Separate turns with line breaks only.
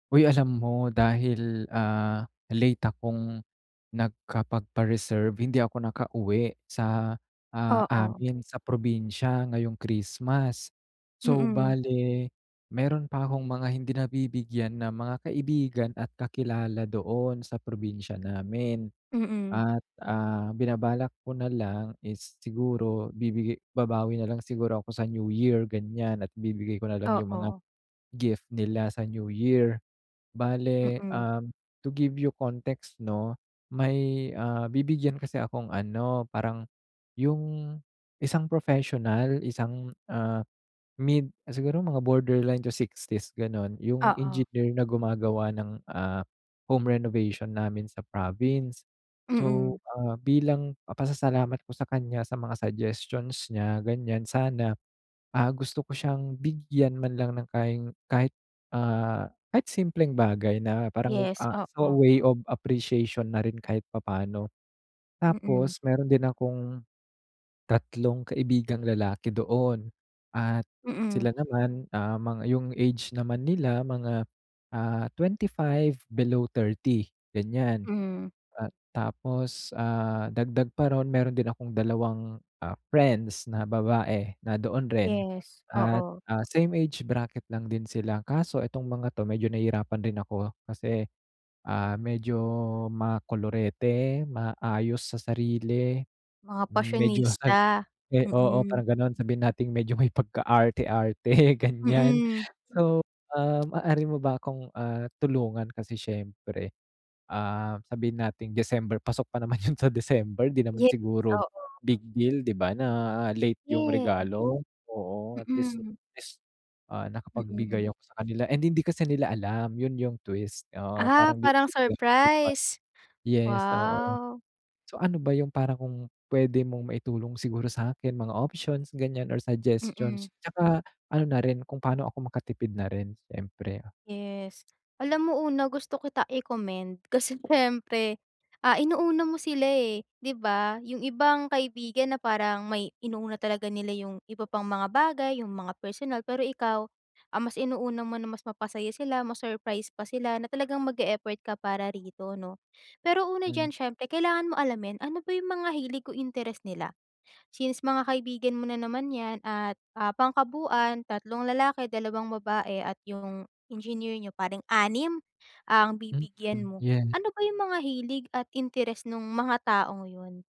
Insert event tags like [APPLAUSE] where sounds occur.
Uy alam mo dahil, ah, late akong nag-kapagpa-reserve hindi ako nakauwi sa, ah,
Oo.
amin sa probinsya ngayong Christmas. So
Mm.
bale, meron pa akong mga hindi nabibigyan ng mga kaibigan at kakilala doon sa probinsya namin.
Mm.
At, ah, binabalak ko na lang is siguro bibigay babawi nalang siguro ako sa New Year ganyan at bibigay ko nalang yung mga
Oo.
gift nila sa New Year. Bale,
Mm.
um, to give you context no, may, ah, bibigyan kasi akong ano, parang yung isang professional isang, ah, mid siguro mga borderline to 60's ganon yung
Oo.
engineer na gumagawa ng, ah, home renovation namin sa province. So,
Mm.
ah, bilang papasalamat ko sa kanya sa mga suggestions niya ganyan sana, ah, gusto ko siyang bigyan man lang ng kain kahit, ah, kahit simpleng bagay na parang,
Yes,
ah, so
oo.
way of appreciation na rin kahit papaano.
Mm.
Tapos meron din akong, 3 kaibigang lalaki doon, at
Mm.
sila naman, ah, yung age naman nila mga, ah, 25 below 30 ganyan.
Hmm.
Tapos, ah, dagdag pa ron meron din akong 2 friends na babae na doon rin
Yes,
at,
oo.
ah, same age bracket lang din sila kaso itong mga 'to medyo nahirapan rin ako kasi, ah, medyo ma-kolorete, maayos sa sarili,
Mga
medyo sab
pasyonista?
oo
Mm.
parang ganon sabihin nating medyo may pagka-arte-arte ganyan
Hmm.
so, ah, maaari mo ba akong, ah, tulungan kasi siyempre, ah, sabihin nating December pasok pa naman yun sa December 'di naman
Yes,
siguro
oo.
big deal di ba na late yung
Yes.
regalo? Oo at least
Mm.
at least, ah,
Mm.
nakapag-bigay ako sa kanila and hindi kasi nila alam yun yung twist, oo
Ah,
parang
parang
[UNINTELLIGIBLE]
surprise?
yes oo,
Wow.
so ano ba yung parang kung pwede mong maitulong siguro sa akin mga options ganyan or suggestions,
Mm.
tsaka ano na rin kung paano ako makatipid na rin siyempre?
Yes. Alam mo una gusto kita i-commend kasi siyempre, ah, inuuna mo sila eh, di ba? Yung ibang kaibigan na parang may inuuna talaga nila yung iba pang mga bagay, yung mga personal pero ikaw, ang mas inuuna mo na mas mapasaya sila, mas surprise pa sila na talagang mag-effort ka para rito no? Pero una
Hmm.
diyan siyempre kailangan mo alamin ano ba yung mga hilig o interes nila? Since mga kaibigan mo na naman yan at pang-kabuuan 3 lalaki 2 babae at yung engineer niyo pareng 6 ang
Mm,
bibigyan mo,
yes.
ano ba yung mga hilig at interes nung mga taong yon?